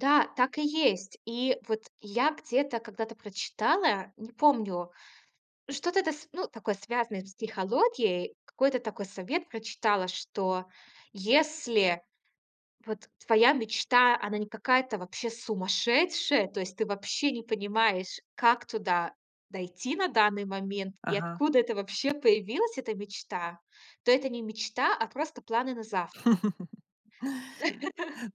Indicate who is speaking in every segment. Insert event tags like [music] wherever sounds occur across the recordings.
Speaker 1: Да, так и есть. И вот я где-то когда-то прочитала, не помню, что-то это с ну, такое связанное с психологией, какой-то такой совет прочитала, что если вот твоя мечта, она не какая-то вообще сумасшедшая, то есть ты вообще не понимаешь, как туда дойти на данный момент и
Speaker 2: Ага.
Speaker 1: откуда это вообще появилась эта мечта, то это не мечта, а просто планы на завтра.
Speaker 2: [laughs]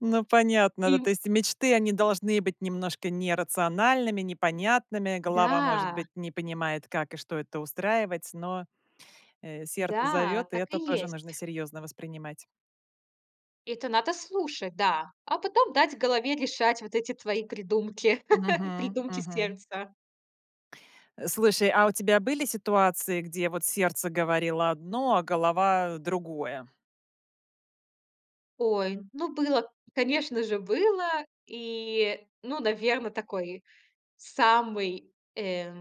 Speaker 2: Ну, понятно, да.
Speaker 1: И
Speaker 2: То есть мечты, они должны быть немножко нерациональными, непонятными. Голова, может
Speaker 1: Да.
Speaker 2: быть, не понимает, как и что это устраивать, но, э, сердце
Speaker 1: Да,
Speaker 2: зовёт, и
Speaker 1: так
Speaker 2: это
Speaker 1: и
Speaker 2: тоже нужно
Speaker 1: есть.
Speaker 2: серьёзно воспринимать.
Speaker 1: Это надо слушать, да. А потом дать голове решать вот эти твои придумки, [laughs]
Speaker 2: Мгм.
Speaker 1: придумки
Speaker 2: Мгм.
Speaker 1: сердца.
Speaker 2: Э, слушай, а у тебя были ситуации, где вот сердце говорило одно, а голова другое?
Speaker 1: Ой, ну было, конечно же, было. И, ну, наверно, такой самый, э,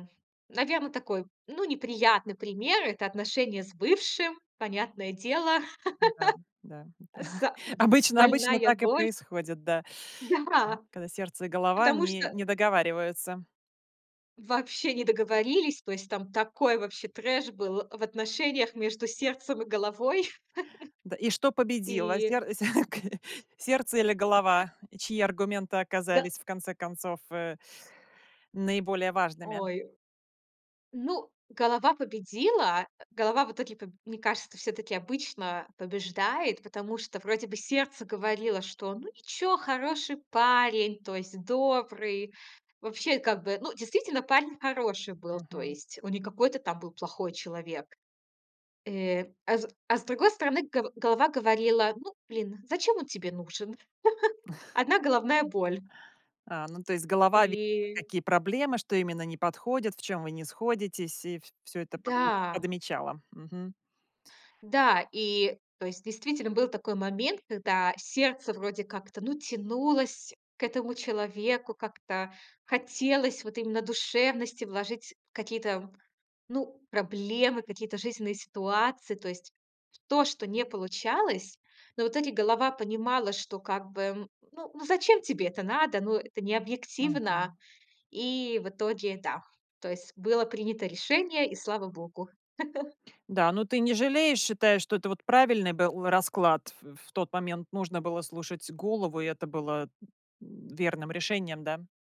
Speaker 1: наверно, такой, ну, неприятный пример- это отношения с бывшим, понятное дело.
Speaker 2: Да да
Speaker 1: [laughs]
Speaker 2: да,
Speaker 1: А с
Speaker 2: [chuckles]
Speaker 1: а б
Speaker 2: обычно обычно
Speaker 1: больная
Speaker 2: так и
Speaker 1: боль.
Speaker 2: происходит, да.
Speaker 1: Да,
Speaker 2: Когда сердце и голова
Speaker 1: потому
Speaker 2: не
Speaker 1: что
Speaker 2: не договариваются.
Speaker 1: Вообще не договорились. То есть там такой вообще трэш был в отношениях между сердцем и головой
Speaker 2: Да. И что
Speaker 1: [laughs]
Speaker 2: победило?
Speaker 1: и
Speaker 2: Сер сер окей, сердце или
Speaker 1: [laughs]
Speaker 2: голова, чьи аргументы
Speaker 1: Да
Speaker 2: оказались, в конце концов, э, наиболее важными?
Speaker 1: Ой, ну, голова победила. Э, голова в итоге по мне кажется, всё-таки обычно побеждает, потому что вроде бы сердце говорило, что, ну, ничего, хороший парень, то есть добрый. Вообще, как бы, ну, действительно, парень хороший был. То
Speaker 2: Мгм.
Speaker 1: есть он не какой-то там был плохой человек. Э, а с а с другой стороны, го голова говорила: "Ну, блин, зачем он тебе нужен?" [chuckles]
Speaker 2: [chuckles]
Speaker 1: Одна головная боль.
Speaker 2: А, ну, то есть голова видела
Speaker 1: И
Speaker 2: какие проблемы, что именно не подходит, в чём вы не сходитесь, и вс всё это под
Speaker 1: Да.
Speaker 2: подмечала. Мгм.
Speaker 1: Да и, то есть, действительно, был такой момент, когда сердце вроде как-то, ну, тянулось к этому человеку, как-то хотелось вот именно душевности вложить какие-то, ну, проблемы, какие-то жизненные ситуации. То есть то, что не получалось. Но вот эти голова понимала, что как бы: ну ну, зачем тебе это надо? Ну, это необъективно.
Speaker 2: Мгм.
Speaker 1: И в итоге, да, то есть было принято решение, и слава богу. [laughs]
Speaker 2: Да, но ты не жалеешь, считаешь, что это вот правильный был расклад? В в тот момент нужно было слушать голову, и это было, м, верным решением, да?